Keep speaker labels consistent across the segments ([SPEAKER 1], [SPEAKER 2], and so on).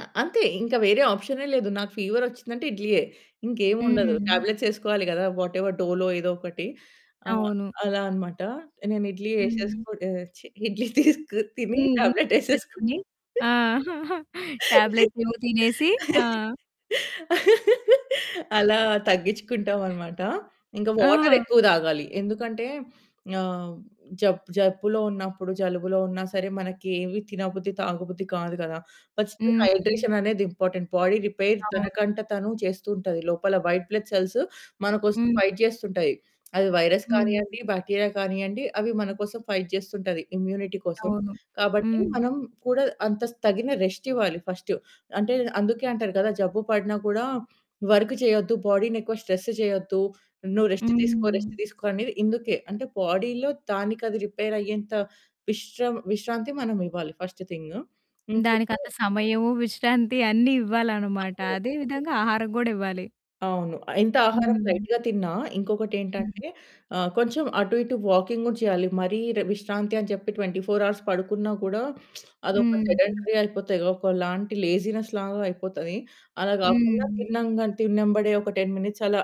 [SPEAKER 1] ఆ! అంతే ఇంకా వేరే ఆప్షనే లేదు. నాకు ఫీవరొచ్చిందంటే ఇడ్లీయే. ఇంకేమి ఉండదు.
[SPEAKER 2] హుహు.
[SPEAKER 1] టాబ్లెట్సేసుకోవాలి గదా! వాటెవర్ డోలో ఏదో ఒకటి ఆహ్,
[SPEAKER 2] అవును.
[SPEAKER 1] అలా అన్నమాట. నేను ఇడ్లీ
[SPEAKER 2] హ్మ్.
[SPEAKER 1] ఎసేసుకుని ఆహ్, ఛీ ఇడ్లీ తిసుకు తిని
[SPEAKER 2] హుహు.
[SPEAKER 1] టాబ్లెట్ ఏసేసుకొని
[SPEAKER 2] తీసుకొని. ఆ! టాబ్లెట్స్ ఏవో తినేసి. ఆ!
[SPEAKER 1] అలా తగ్గించుకుంటామన్నమాట. ఇంకా
[SPEAKER 2] ఆహా!
[SPEAKER 1] వాటరెక్కువ తాగాలి. ఎందుకంటే ఆహ్, జబ్ జబ్బులో ఉన్నప్పుడు జలుబులో ఉన్నా సరే, మనకి ఏమి తినబుద్ది తాగబుద్ధి కాదు గదా! ఫస్టు
[SPEAKER 2] హ్మ్.
[SPEAKER 1] హైడ్రేషననేది ఇంపార్టెంట్. బాడీ రిపేర్
[SPEAKER 2] అవును.
[SPEAKER 1] తనకంట తను చేస్తూ ఉంటది. లోపల వైట్ బ్లడ్ సెల్స్ మనకోసం
[SPEAKER 2] హ్మ్.
[SPEAKER 1] ఫైట్ చేస్తుంటాయి. అది వైరస్
[SPEAKER 2] హ్మ్.
[SPEAKER 1] కానియ్యండి, బాక్టీరియా కానీయండి అవి మన కోసం ఫైట్ చేస్తుంటది ఇమ్యూనిటీ కోసం.
[SPEAKER 2] అవును.
[SPEAKER 1] కాబట్టి
[SPEAKER 2] హ్మ్.
[SPEAKER 1] మనం కూడా అంత తగిన రెస్టివ్వాలి ఫస్టు. అంటే అందుకే అంటారు కదా జబ్బు పడినా కూడా వర్క్ చేయొద్దు, బాడీ‌ని ఎక్కువ స్ట్రెస్ చేయొద్దు, నువ్వు రెస్ట్ తీసుకో, రెస్ట్
[SPEAKER 2] హుహు.
[SPEAKER 1] తీసుకో అనేది ఇందుకే. అంటే బాడీలో దానికది రిపేర్ అయ్యేంత విశ్రాం విశ్రాంతి మనమివ్వాలి ఫస్ట్ థింగు. ఇంకోటి
[SPEAKER 2] దానికంత సమయము, విశ్రాంతి అన్నీ ఇవ్వాలనమాట.
[SPEAKER 1] అవును.
[SPEAKER 2] అదే విధంగా ఆహారం గూడా ఇవ్వాలి.
[SPEAKER 1] అవును. ఎంత ఆహారం
[SPEAKER 2] హ్మ్.
[SPEAKER 1] లైట్‌గా తిన్నా ఇంకొకటి
[SPEAKER 2] హ్మ్.
[SPEAKER 1] ఏంటంటే, ఆహ్, కొంచెం అటు, ఇటు వాకింగ్ కూడా చేయాలి, మరీ ర్ విశ్రాంతి అని చెప్పి 24 పడుకున్నా కూడా, అదొక
[SPEAKER 2] హ్మ్.
[SPEAKER 1] సెడంటరీ అయిపోతది, ఒకలాంటి లేజినెస్ లాగా అయిపోతది. అలా గాకుండా
[SPEAKER 2] హ్మ్.
[SPEAKER 1] తిన్నంగ తిన్నంబడే ఒక 10 మినిట్స్ అలా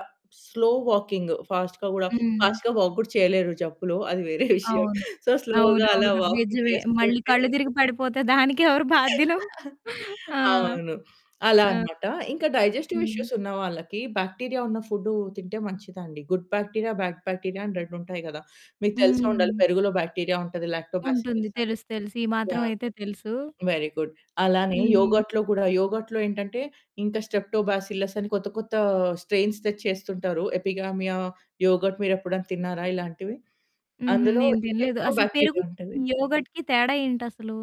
[SPEAKER 1] స్లో వాకింగ్ ఫాస్ట్‌గా గూడా
[SPEAKER 2] హ్మ్.
[SPEAKER 1] ఫాస్ట్‌గా వాక్ గూడా చేయలేరు జబ్బులో అది వేరే విషయం.
[SPEAKER 2] అవును.
[SPEAKER 1] సో, స్లో‌గా అలా
[SPEAKER 2] అవునవును.
[SPEAKER 1] వాకింగ్
[SPEAKER 2] నిజమే మళ్ళీ
[SPEAKER 1] చేస్తుంటే
[SPEAKER 2] కళ్ళు తిరిగి పడిపోతే దానికెవరు బాధ్యులు? ఆ!
[SPEAKER 1] అవును. అలా
[SPEAKER 2] ఆ!
[SPEAKER 1] అన్నమాట. ఇంకా డైజెస్టివ్
[SPEAKER 2] హ్మ్.
[SPEAKER 1] ఇష్యూసున్న వాళ్ళకి బాక్టీరియా ఉన్న ఫుడ్డు తింటే మంచిదండి. గుడ్ బాక్టీరియా, బాడ్ బాక్టీరియా అని 2 ఉంటాయి గదా! మీకు తెలిసే ఉండాలి
[SPEAKER 2] హ్మ్.
[SPEAKER 1] పెరుగులో బాక్టీరియా ఉంటది.
[SPEAKER 2] ఉంటుంది.
[SPEAKER 1] లాక్టోబాసిల్లసని.
[SPEAKER 2] తెలుసు, తెలుసు. ఈ
[SPEAKER 1] యాహ్!
[SPEAKER 2] మాత్రమయితే తెలుసు.
[SPEAKER 1] Very good. అలానే
[SPEAKER 2] హ్మ్.
[SPEAKER 1] యోగర్ట్‌లో కూడా, యోగర్ట్‌లో ఏంటంటే ఇంకా స్ట్రెప్టోబాసిల్లస్ అని కొత్త, కొత్త స్ట్రెయిన్స్ తెచ్చి చేస్తుంటారు. ఎపిగామియా యోగర్ట్ మీరు ఎప్పుడైనా తిన్నారా ఇలాంటివి?
[SPEAKER 2] హుహు.
[SPEAKER 1] అందులో
[SPEAKER 2] నేను తినలేదు.
[SPEAKER 1] ఇంకెక్కువ
[SPEAKER 2] అసలు పెరుగు,
[SPEAKER 1] బాక్టీరియా ఉంటది.
[SPEAKER 2] యోగర్ట్‌కి తేడా ఏంటసలు?